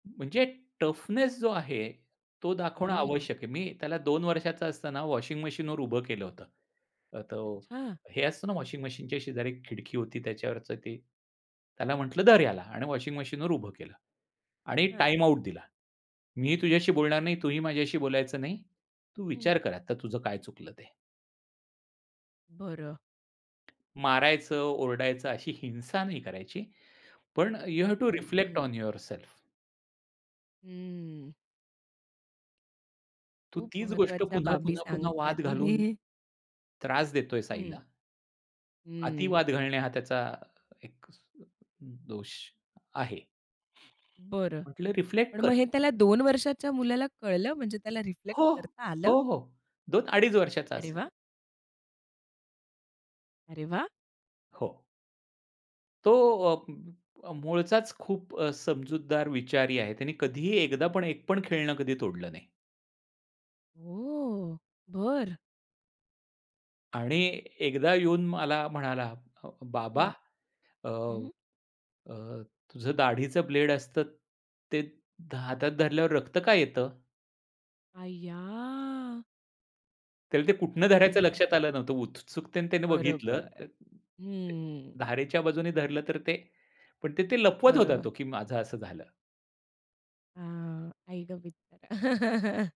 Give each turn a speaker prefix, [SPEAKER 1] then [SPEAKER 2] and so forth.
[SPEAKER 1] म्हणजे टफनेस जो आहे तो दाखवणं
[SPEAKER 2] हं.
[SPEAKER 1] आवश्यक आहे. मी त्याला 2 वर्षाचा असताना वॉशिंग मशीनवर उभं केलं होतं. अ, तो
[SPEAKER 2] अच्छा.
[SPEAKER 1] हे असतं ना, वॉशिंग मशीनच्या शेजारी खिडकी होती त्याच्यावरचं ते, त्याला म्हटलं, "धर ह्याला" आणि वॉशिंग मशीनवर उभं केलं आणि
[SPEAKER 2] हां.
[SPEAKER 1] टाईम आउट दिला. मी तुझ्याशी बोलणार नाही, तुही माझ्याशी बोलायचं नाही. तू
[SPEAKER 2] हं.
[SPEAKER 1] विचार कर आता, तुझं काय चुकलं ते.
[SPEAKER 2] बरं.
[SPEAKER 1] मारायचं, ओरडायचं अशी हिंसा नाही करायची, पण यू हॅव्ह टू
[SPEAKER 2] हं,
[SPEAKER 1] रिफ्लेक्ट
[SPEAKER 2] हं.
[SPEAKER 1] On yourself.
[SPEAKER 2] हं.
[SPEAKER 1] तू
[SPEAKER 2] खूप
[SPEAKER 1] तीच गोष्ट
[SPEAKER 2] महत्वाच्या
[SPEAKER 1] पुन्हा,
[SPEAKER 2] बाबी
[SPEAKER 1] पुन्हा, पुन्हा
[SPEAKER 2] सांगताय
[SPEAKER 1] वाद घालून,
[SPEAKER 2] तुम्ही.
[SPEAKER 1] त्रास देतोयस
[SPEAKER 2] हं.
[SPEAKER 1] आईला.
[SPEAKER 2] हं.
[SPEAKER 1] अतिवाद घालणे हा त्याचा अ, एकच अ, दोष आहे.
[SPEAKER 2] बरं,
[SPEAKER 1] म्हटलं रिफ्लेक्ट
[SPEAKER 2] पण
[SPEAKER 1] कर.
[SPEAKER 2] मग हे त्याला 2 वर्षाच्या मुलाला कळलं? म्हणजे त्याला रिफ्लेक्ट
[SPEAKER 1] हो,
[SPEAKER 2] करता आलं?
[SPEAKER 1] हो, हो, 2 अडीच वर्षाचा
[SPEAKER 2] अरे
[SPEAKER 1] असेल.
[SPEAKER 2] वाह! अरे वाह!
[SPEAKER 1] हो. तो अ, मूळचाच खूप अ, समजूतदार विचारी आहे, त्याने कधीही एकदापण एकपण खेळणं कधी तोडलं नाही.
[SPEAKER 2] ओ! बरं.
[SPEAKER 1] आणि एकदा येऊन मला म्हणाला, अ, "बाबा
[SPEAKER 2] हं,
[SPEAKER 1] अ,
[SPEAKER 2] हं.
[SPEAKER 1] अ, तुझं दाढीच ब्लेड असतं ते हातात धरल्यावर रक्त का येतं?"
[SPEAKER 2] अय्या!
[SPEAKER 1] त्याला ते कुठनं
[SPEAKER 2] आई
[SPEAKER 1] धरायचं
[SPEAKER 2] ग!
[SPEAKER 1] लक्षात आलं नव्हतं. उत्सुकतेने त्याने बघितलं. अ,
[SPEAKER 2] बरोबर,
[SPEAKER 1] अ,
[SPEAKER 2] हं.
[SPEAKER 1] धारेच्या बाजूने धरलं तर ते पण ते लपवत होता
[SPEAKER 2] बरोबर.
[SPEAKER 1] तो, की माझं असं झालं.
[SPEAKER 2] हां, आई ग! बिचारा.